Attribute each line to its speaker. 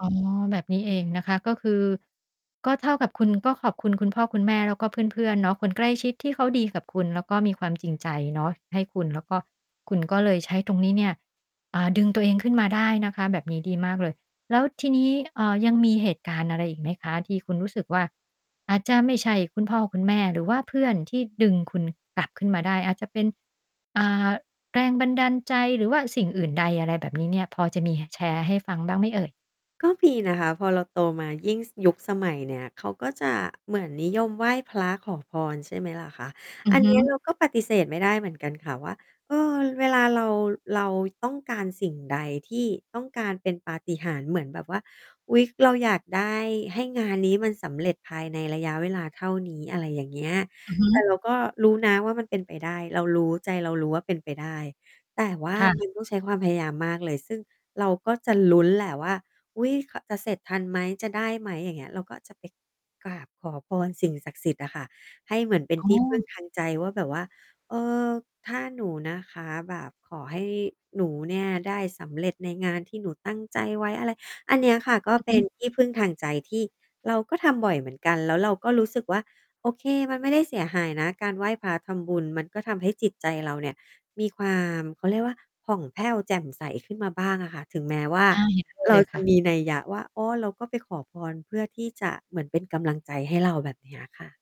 Speaker 1: อ๋อ แบบนี้เองนะคะ ก็คือ ก็เท่ากับคุณก็ขอบคุณคุณพ่อคุณแม่ แล้วก็เพื่อน ๆ เนาะ คนใกล้ชิดที่เขาดีกับคุณ แล้วก็มีความจริงใจเนาะ ให้คุณ แล้วก็ คุณก็เลยใช้ตรงนี้เนี่ย อ่า ดึงตัวเองขึ้นมาได้นะคะ แบบนี้ดีมากเลย แล้วทีนี้ อ่า ยังมีเหตุการณ์อะไรอีกไหมคะ ที่คุณรู้สึกว่า อาจจะไม่ใช่คุณพ่อคุณแม่หรือว่าเพื่อนที่ดึงคุณกลับขึ้นมาได้ อาจจะเป็น อ่า แรงบันดาลใจหรือว่าสิ่งอื่นใด อะไรแบบนี้เนี่ย พอจะมี ห แชร์ให้ฟังบ้างไหมเอ่ย?
Speaker 2: ก็มีนะคะ พอเราโตมายิ่ง ซ ยุคสมัยเนี้ย เขาก็จะเหมือนนิยมไหว้พระขอพร ใช่ไหมล่ะคะ
Speaker 1: อื
Speaker 2: อ
Speaker 1: อ
Speaker 2: ัน
Speaker 1: ฮ
Speaker 2: เน
Speaker 1: ึ
Speaker 2: ี้ยเราก็ปฏิเสธไม่ได้เหมือนกันค่ะว่า เออ เวลาเรา เราต้องการสิ่งใดที่ ต้องการเป็นปาฏิหาริย์เหมือนแบบว่า อุ๊ย เราอยากได้ให้งานนี้มันสำเร็จ ภายในระยะเวลาเท่านี้ อะไรอย่างเงี้ย
Speaker 1: อือฮ
Speaker 2: แต่
Speaker 1: ึ
Speaker 2: เราก็รู้นะว่ามันเป็นไปได้ เรารู้ ใจเรารู้ว่าเป็นไปได้ แต่ว่า
Speaker 1: ค่
Speaker 2: ม
Speaker 1: ะ
Speaker 2: ันต้องใช้ความพยายามมากเลย ซึ่งเราก็จะลุ้นแหละว่า "อุ๊ย ข จะเสร็จทันไหม จะได้ไหม?" อย่างเงี้ย เราก็จะไปกราบขอพรสิ่งศักดิ์สิทธิ์อะค่ะ ให้เหมือนเป็น
Speaker 1: อ๋
Speaker 2: ที่พึ่ง
Speaker 1: อ
Speaker 2: ทางใจว่าแบบว่า "เออ ถ้าหนูนะคะแบบ ขอให้หนูเนี่ย ได้สำเร็จในงานที่หนูตั้งใจไว้" อะไร อันเนี้ยค่ะ ก็
Speaker 1: อือ
Speaker 2: เป
Speaker 1: ฮ
Speaker 2: ็น
Speaker 1: ึ
Speaker 2: ที่พึ่งทางใจที่เราก็ทำบ่อยเหมือนกัน แล้วเราก็รู้สึกว่า โอเค มันไม่ได้เสียหายนะการไหว้พระทำบุญ ก็ทำให้จิตใจเราเนี่ย มีความ เขาเรียกว่าผ่องแผ้วแจ่มใสขึ้นมาบ้างอะค่ะ ถึงแม้ว่า
Speaker 1: อา เห็นด้วย
Speaker 2: เร
Speaker 1: เ
Speaker 2: า
Speaker 1: ลย
Speaker 2: จ
Speaker 1: ค
Speaker 2: ะ
Speaker 1: ่ะ
Speaker 2: มี นัยยะว่า อ้อ เราก็ไปขอพรเพื่อที่จะเหมือนเป็นกำลังใจให้เรา แบบเนี้ยค่ะ